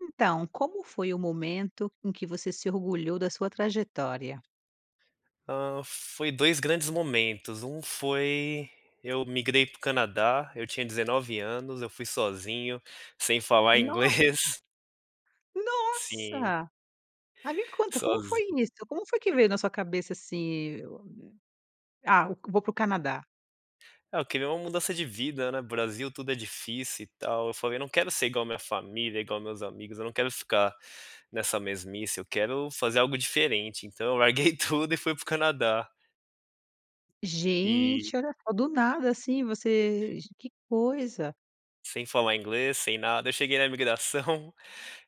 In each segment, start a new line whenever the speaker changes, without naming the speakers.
Então, como foi o momento em que você se orgulhou da sua trajetória?
Hã, foi 2 grandes momentos. Um foi eu migrei para o Canadá, eu tinha 19 anos, eu fui sozinho, sem falar
Nossa.
inglês. Sim.
Nossa! Mas me conta como foi
Sozinho.
isso? Como foi que veio na sua cabeça assim, ah, vou pro Canadá?
Ah, eu queria uma mudança de vida, né. Brasil tudo é difícil e tal, eu falei: "Eu não quero ser igual a minha família, igual meus amigos, eu não quero ficar nessa mesmice, eu quero fazer algo diferente." Então, eu larguei tudo e fui para o Canadá. E
Gente, olha só do nada assim, você ge que coisa.
Sem falar inglês, sem nada. Eu cheguei na imigração,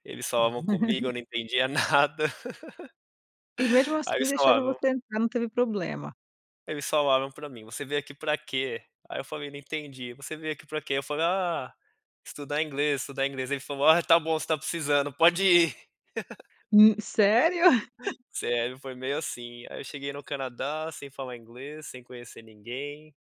eles falavam comigo, eu não entendia nada,
E mesmo
aí
assim
eles
deixaram
falavam
você entrar, não teve problema?
Eles falaram para mim: "você veio aqui para quê?" Aí, eu falei: "Não entendi. Você veio aqui para que?" Aí eu falei: "Ah, estudar inglês, estudar inglês." Ele falou: "Ah, tá bom, você tá precisando pode ir."
Hu Sério?
Sério, foi meio assim aí eu cheguei no Canadá, sem falar inglês, sem conhecer ninguém.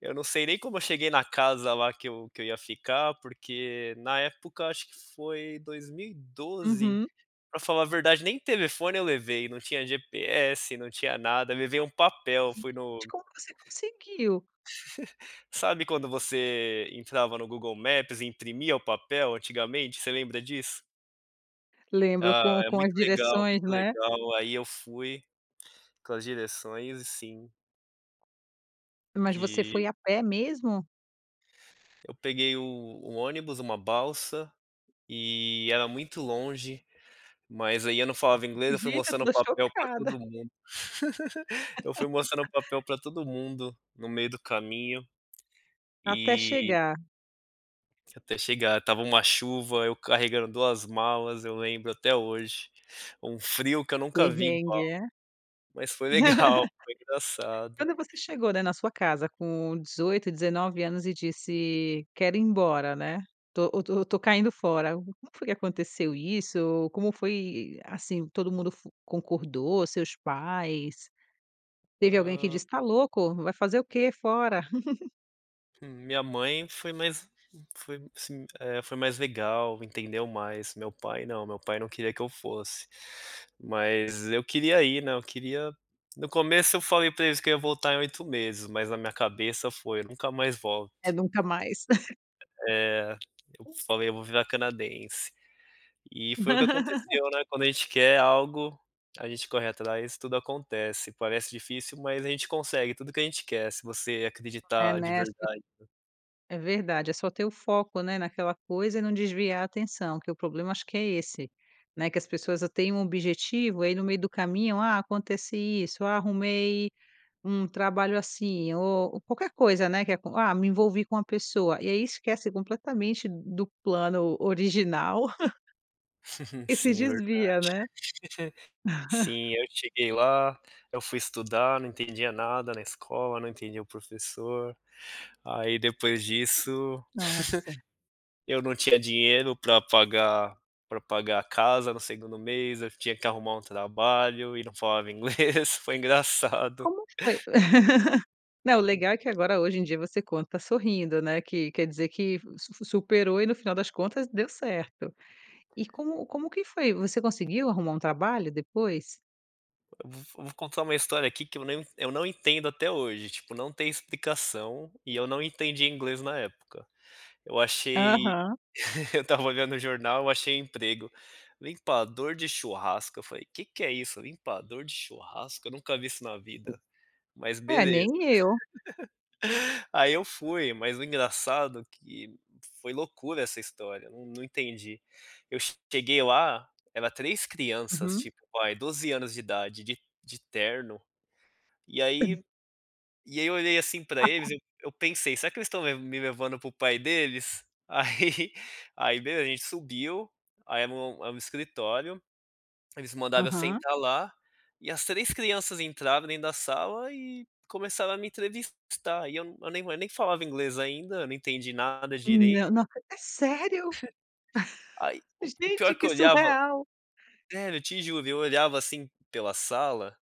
Eu não sei nem como eu cheguei na casa lá que eu que eu ia ficar, porque na época, acho que foi 2012,
Uhum.
para falar a verdade, nem telefone eu levei. Não tinha GPS, não tinha nada. Levei um papel fui no
Como você conseguiu?
Sabe, quando você entrava no Google Maps e imprimia o papel antigamente, você lembra disso?
Lembro
Ah,
com
é
com
muito
as
legal,
direções,
muito
né?
legal. Aí eu fui com as direções e sim
Mas você foi
E
a pé mesmo?
Eu peguei o o ônibus, uma balsa e era muito longe, mas aí eu não falava inglês. Eu fui
Gente, eu
mostrando o
tô
papel pra
chocada.
todo mundo. Eu fui mostrando o papel pra todo mundo no meio do caminho
Até
e
chegar.
Até chegar, estava uma chuva, eu carregando 2 malas, eu lembro até hoje, um frio que eu
Que
nunca vi
perrengue,
igual.
é?
Mas foi legal, foi engraçado.
Quando você chegou, né, na sua casa com 18, 19 anos e disse quero ir embora, né. Tô tô tô caindo fora. Como foi que aconteceu isso? Como foi, assim, todo mundo fo concordou, seus pais teve alguém que
Ah.
disse tá louco? Vai fazer o que fora?
Hum, minha mãe foi mais foi assim, eh, foi mais legal, entendeu mais. Meu pai não, meu pai não queria que eu fosse. Mas eu queria ir, né, eu queria no começo eu falei pra eles que eu iria voltar em 8 meses, mas na minha cabeça foi eu nunca mais
É
volto.
nunca mais.
É, eu falei eu vou virar canadense. E foi o que aconteceu, né, quando a gente quer algo, a gente corre atrás, tudo acontece, parece difícil mas a gente consegue tudo que a gente quer, se você
É,
acreditar de
né, as pe
verdade, né.
É verdade, é só ter o foco, né, naquela coisa e não desviar a atenção. Que o problema acho que é esse, né, que as pessoas têm um objetivo, aí no meio do caminho, ah, acontece isso, ah, arrumei um trabalho assim ou qualquer coisa, né, que acon ah, me envolvi com uma pessoa e aí esquece completamente do plano original. E se
Sim, verdade.
desvia, né.
Sim, eu cheguei lá, eu fui estudar, não entendia nada na escola, não entendia o professor, aí depois disso,
Nossa.
eu não tinha dinheiro pra pagar pra pagar a casa, no segundo mês, eu tinha que arrumar um trabalho e não falava inglês, foi engraçado.
Como foi? Não, legal é que agora hoje em dia você conta sorrindo, né, que quer dizer que su su superou e no final das contas deu certo. E como como que foi? Você conseguiu arrumar um trabalho depois?
Vo vo vou contar uma história aqui, que eu não eu não entendo até hoje, tipo não tem explicação, e eu não entendia inglês na época. Eu achei
Aham.
eu estava olhando o jornal, eu achei emprego, limpador de churrasco, eu falei: "Que que é isso, limpador de churrasco, eu nunca vi isso na vida, mas
É,
beleza."
nem eu.
Aí, eu fui, mas o engraçado que foi loucura essa história, num entendi. Eu cheguei lá, era 3 crianças
Uhum.
tipo, aí 12 anos de idade, de de terno, e aí e aí eu olhei assim pra eles, eu eu pensei: "Será que eles estão levan me levando para o pai deles?" Aí aí beleza, a gente subiu, aí era um um escritório, eles mandaram eu
Aham.
sentar lá, e as 3 crianças entraram dentro da sala e começaram a me entrevistar e eu nem nem falava inglês ainda, eu não entendi nada direito.
Não, não acre É sério.
Aí, o o o pior
Gente,
que
que
eu olhava
surreal.
sério, eu te juro, eu olhava assim pela sala,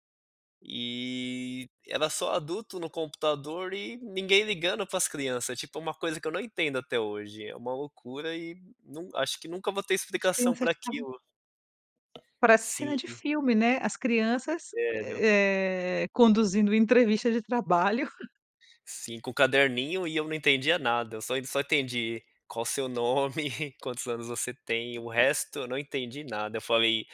e era só adulto no computador e ninguém ligando para as criança, tipo, uma coisa que eu não entendo até hoje, é uma loucura e num acho que nunca vou ter
As
explicação
crianças
pra
estavam
aquilo.
Parece
Sim.
cena de filme, né, as crianças,
Sério.
eh, conduzindo entrevista de trabalho.
5 caderninho e eu não entendia nada, eu só só entendi qual o seu nome, quantos anos você tem, o resto eu não entendi nada, eu falei: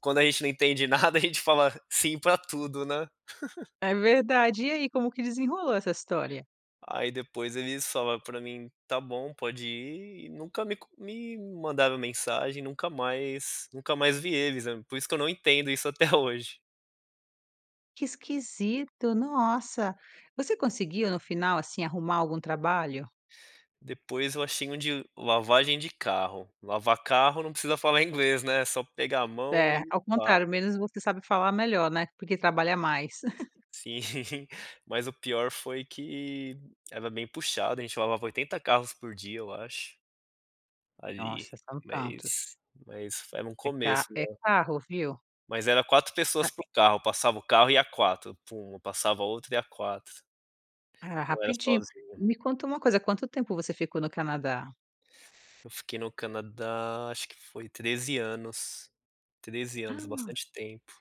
"Quando a gente não entende nada a gente fala sim pra tudo, né?"
É verdade. E aí, como que desenrolou essa história?
Aí, depois eles falaram pra mim, tá bom, pode ir, e nunca me comu me mandaram mensagem, nunca mais nunca mais vi eles, por isso que eu não entendo isso até hoje.
Que esquisito! Nossa! Você conseguiu no final, assim, arrumar algum trabalho?
Depois eu achei um de lavagem de carro. Lavar carro não precisa falar inglês, né. É só pegar a mão e
É. Ao
pá.
contrário. Menos você sabe falar melhor, né? Porque trabalha mais.
Sim. Mas o pior foi que era bem puxado. A gente lavava 80 carros por dia, eu acho ali
Nossa, são tantos.
mas mas fo era um
É
começo,
ca é
né.
carro, viu?
Mas era 4 pessoas
[unintelligible]
por carro, passava o carro e ia 4, pum, passava outro e ia 4.
Ah,
Não era
rapidinho.
sozinho.
E me conta uma coisa. Quanto tempo você ficou no Canadá?
Eu fiquei no Canadá acho que foi 13 anos. 13 anos. Bastante tempo.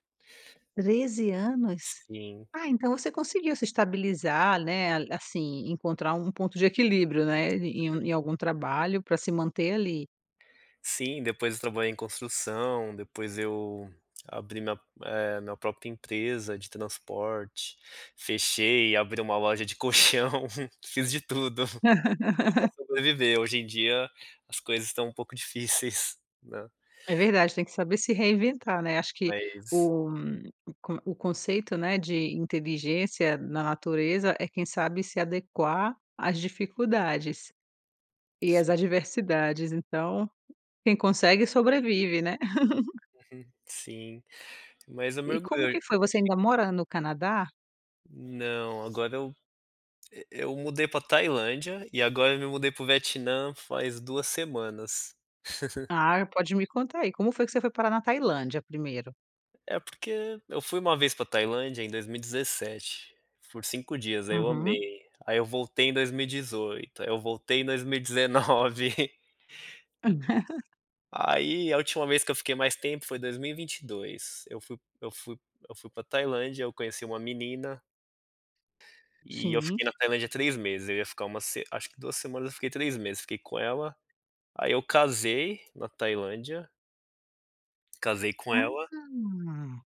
13 anos?
Sim.
Ah então você conseguiu se estabilizar, né, a assim, encontrar um ponto de equilíbrio, né, em
[unintelligible]
em algum trabalho pra se manter ali.
Sim, depois eu trabalhei em construção. Depois eu abri minha eh minha própria empresa de transporte. Fechei e abri uma loja de colchão. Fiz de tudo. Tudo pra sobreviver hoje em dia as coisas estão um pouco difíceis, né.
É verdade. Tem que saber se reinventar, né. Acho que
Mas
o um o con o conceito, né, de inteligência na natureza é quem sabe se adequar às dificuldades, e às
Sim.
adversidades. Então, quem consegue sobrevive, né.
Uhum. Sim. Mas eu me
E
orgulho de
como
onde eu
que
cheguei.
foi? Você ainda mora no Canadá?
Não. Agora eu e eu mudei pra Tailândia, e agora eu me mudei pro Vietnã faz 2 semanas.
Ah, pode me contar aí. Como foi que você foi parar na Tailândia primeiro?
É porque eu fui uma vez pra Tailândia em 2017. Por 5 dias, aí eu
Uhum.
amei. Aí eu voltei em 2018. Aí eu voltei em 2019. Aí, a última vez que eu fiquei mais tempo foi 2022. Eu fui eu fui eu fui pra Tailândia, eu conheci uma menina. E eu
Sim.
fiquei na Tailândia 3 meses, eu ia ficar uma se acho que 2 semanas eu fiquei 3 meses. Fiquei com ela. Aí eu casei na Tailândia. Casei com ela.
Ah.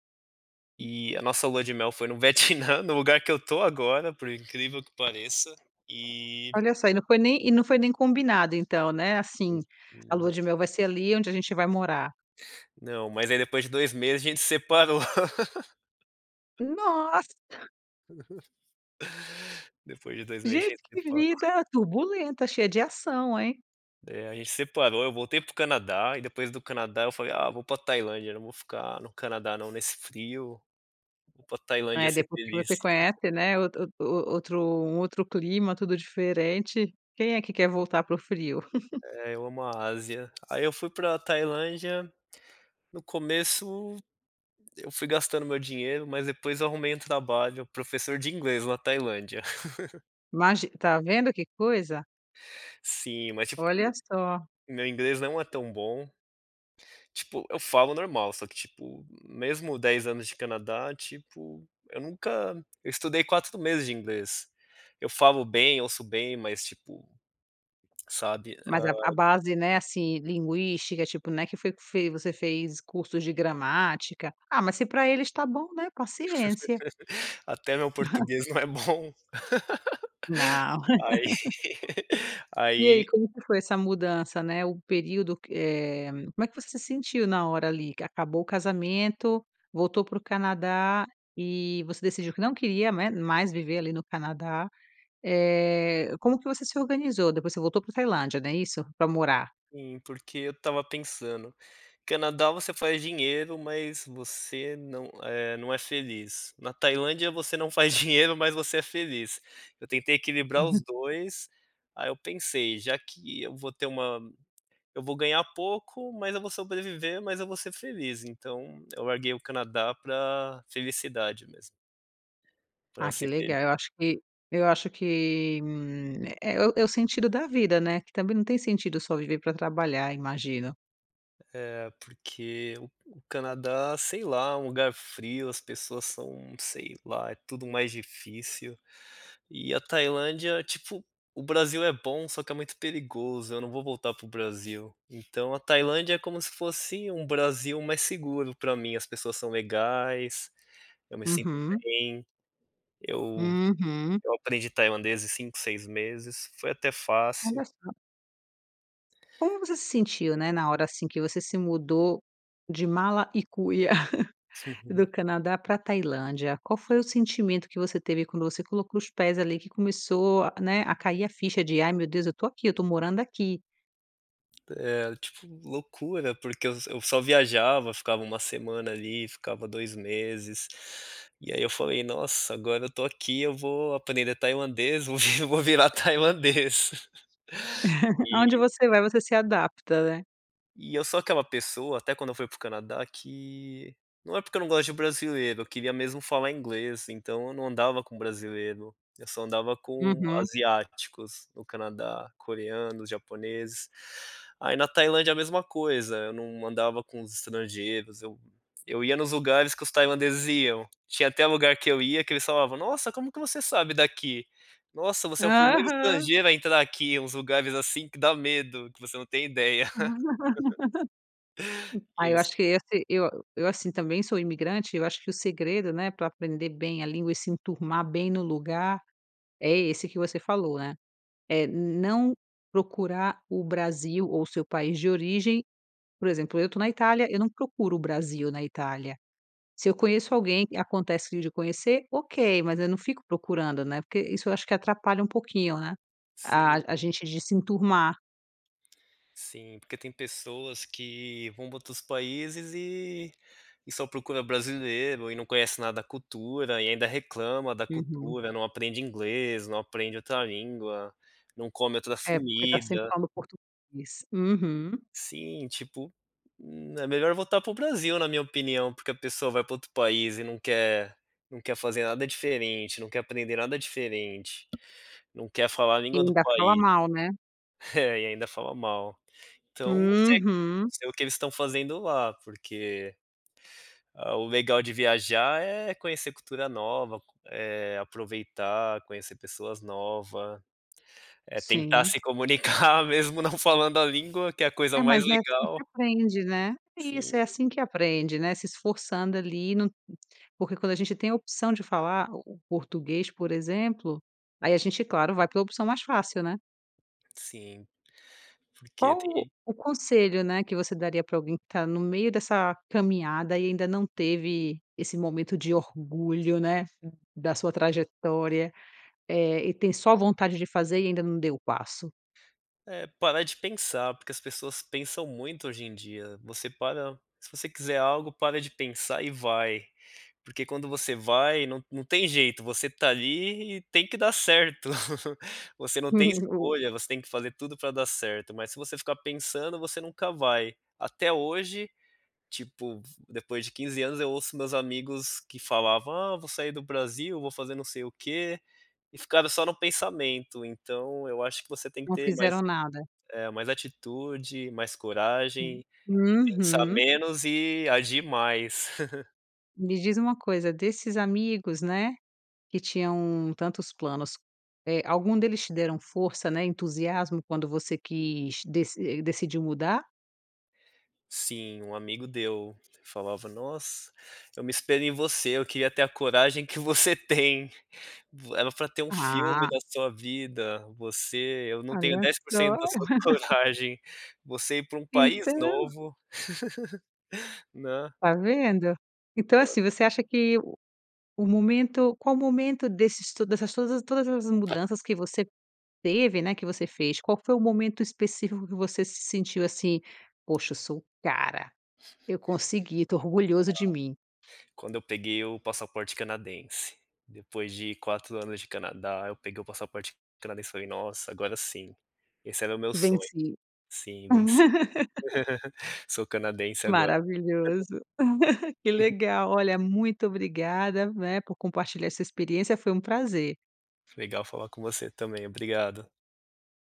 E a nossa lua de mel foi no Vietnã, no lugar que eu tô agora. Por incrível que pareça. E
Olha só, e não foi nem e não foi nem combinado então, né? Assim,
Hum,
a lua
não.
de mel vai ser ali onde a gente vai morar.
Não. Mas aí depois de 2 meses a gente separou.
Nossa!
Depois de 2 meses a
Gente,
gente
que
separou.
vida turbulenta! Cheia de ação, hein?
Né? A gente separou, eu voltei pro Canadá e depois do Canadá eu falei: "Ah, vou pra Tailândia. Não vou ficar no Canadá não, nesse frio. Vou pra Tailândia
É
ser
depois que
feliz."
você conhece, né, o ot outro um outro clima, tudo diferente. Quem é que quer voltar pro frio?
É. Eu amo a Ásia. Aí eu fui pra Tailândia, no começo eu fui gastando meu dinheiro, mas depois eu arrumei um trabalho, professor de inglês na Tailândia.
Imagi tá vendo que coisa?
Sim, mas tipo é me
Olha só.
meu inglês não é tão bom, tipo eu falo normal, só que tipo, mesmo 10 anos de Canadá tipo, eu nunca eu estudei 4 meses de inglês, eu falo bem, ouço bem, mas tipo, sabe,
Mas
hã.
a a base, né, assim, linguística tipo não é que foi que f você fez cursos de gramática, ah, mas se pra eles está bom né paciência.
Até o meu português não é bom.
Não.
Aí
E
aí
aí como é que foi essa mudança, né, o período que é como você sentiu na hora ali que acabou o casamento voltou pro Canadá, e você decidiu que não queria, né, mais viver ali no Canadá. Eh, como que você se organizou? Depois você voltou pra Tailândia, não é isso? Pra morar.
Sim, porque eu estava pensando, Canadá você faz dinheiro mas você não é não é feliz, na Tailândia você não faz dinheiro mas você é feliz, eu tentei equilibrar os 2, aí eu pensei: "Já que eu vou ter uma eu vou ganhar pouco, mas eu vou sobreviver, mas eu vou ser feliz." Então eu larguei o Canadá pra felicidade mesmo. Pra
Ah, que
ser feliz.
legal eu acho que eu acho que um é é é o é o sentido da vida, né? Que também não tem sentido só viver pra trabalhar imagino.
É porque o o Canadá, sei lá, um lugar frio, as pessoas são, sei lá, é tudo mais difícil, e a Tailândia tipo, o Brasil é bom só que é muito perigoso, eu não vou voltar para o Brasil, então a Tailândia é como se fosse um Brasil mais seguro para mim, as pessoas são legais, eu me sinto
Uhum.
bem, eu
Uhum.
eu aprendi tailandês em 5, 6 meses, foi até
Olha
fácil.
só. Como você se sentiu, né, na hora, assim, que você se mudou de mala e cuia do Canadá pra Tailândia? Qual foi o sentimento que você teve quando você colocou os pés ali que começou, né, a cair a ficha de: "Ai meu Deus, eu tô aqui, eu estou morando aqui."
É, tipo loucura porque eu eu só viajava, ficava uma semana ali, ficava 2 meses, e aí eu falei: "Nossa, agora eu tô aqui eu vou aprender tailandês, eu vou vi vou virar tailandês."
Aonde
E
você vai você se adapta, né?
E eu sou aquela pessoa, até quando eu fui pro Canadá que, não é porque eu não gosto de brasileiro, eu queria mesmo falar inglês então eu não andava com brasileiro, eu só andava com
Uhum.
asiáticos no Canadá, coreanos, japoneses, aí na Tailândia a mesma coisa, eu não andava com os estrangeiros, eu eu ia nos lugares que os tailandeses iam, tinha até lugar que eu ia que eles falavam: "Nossa, como que você sabe daqui? Nossa você é o primeiro
Aham.
estrangeiro a entrar aqui, uns lugares, assim, que dá medo, que você não tem ideia." E
Ai eu
eles
acho que esse eu eu assim, também sou imigrante, eu acho que o segredo, né, pra aprender bem a língua e se enturmar bem no lugar, é esse que você falou, né? É não procurar o Brasil ou o seu país de origem, por exemplo, eu tô na Itália, eu não procuro o Brasil na Itália, se eu conheço alguém acontece de conhecer, ok, mas eu não fico procurando, né, porque isso eu acho que atrapalha um pouquinho, né?
Sim.
A a gente de se enturmar.
Sim, porque tem pessoas que vão para outros países e e só procura brasileiro, e não conhece nada da cultura, e ainda reclama da
Uhum.
cultura, não aprende inglês, não aprende outra língua, não come outras
É porque tá sempre
comida.
falando português. Uhum.
Sim, tipo, hum, é melhor voltar pro Brasil na minha opinião, porque a pessoa vai pra outro país e não quer não quer fazer nada diferente, não quer aprender nada diferente, não quer falar a
E
língua do
ainda fala
país,
mal, né?
é e ainda falam mal. Então, não sei
Uhum.
não sei o que eles estão fazendo lá porque a o legal de viajar é conhecer cultura nova, eh, aproveitar, conhecer pessoas nova, é tentar
Sim.
se comunicar mesmo não falando a língua, que é a coisa
É,
mais
mas é assim que se
legal.
aprende, né. Isso, é
Sim.
assim que aprende, né. Se esforçando ali no porque quando a gente tem a opção de falar o o português por exemplo, aí a gente claro vai pra opção mais fácil, né?
Sim, porque
Qual
tem
o conselho, né, que você daria pra alguém que tá no meio dessa caminhada, e ainda não teve esse momento de orgulho, né, da sua trajetória, eh, e tem só vontade de fazer e ainda não deu o passo?
É parar de pensar, porque as pessoas pensam muito hoje em dia, você para se você quiser algo, para de pensar e vai, porque quando você vai não não tem jeito, você tá ali e tem que dar certo, você não tem
[unintelligible]
escolha, você tem que fazer tudo pra dar certo, mas se você ficar pensando você nunca vai. Até hoje, tipo, depois de 15 anos eu ouço meus amigos que falavam ah vou sair do Brasil, vou fazer não sei o quê, e ficaram só no pensamento então eu acho que você tem que
Não
ter mais
fizeram nada.
eh, mais atitude, mais
Hum.
coragem, pensar
Uhum.
menos e agir mais.
Me diz uma coisa, desses amigos, né, que tinham tantos planos, eh, algum deles te deram força, né, entusiasmo quando você quis, deci decidiu mudar?
Sim, um amigo deu, falava: "Nossa, eu me espelho em você, eu queria ter a coragem que você tem, vo era pra ter um filme
Ah.
da sua vida, você eu não tenho
Olha
dez por
só.
cento da sua coragem, você ir pra um país
Então.
novo." Né.
Tá vendo? Então
Hã.
assim, você acha que o momento qual o momento desses to dessas to todas as mudanças que você teve, né, que você fez. Qual que foi o momento específico que você se sentiu, assim, poxa, eu sou cara. Eu consegui, tô orgulhoso de mim.
[unintelligible] Quando eu peguei o passaporte canadense, depois de 4 anos de Canadá, eu peguei o passaporte canadense e falei: "Nossa, agora sim, esse era o meu sonho.
Venci.
Sim, venci. Sou canadense agora."
Maravilhoso. Que
Uhum.
legal, olha, muito obrigada, né, por compartilhar essa experiência foi um prazer.
Legal falar com você também, obrigado.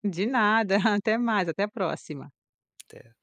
De nada, até mais, até a próxima.
Até.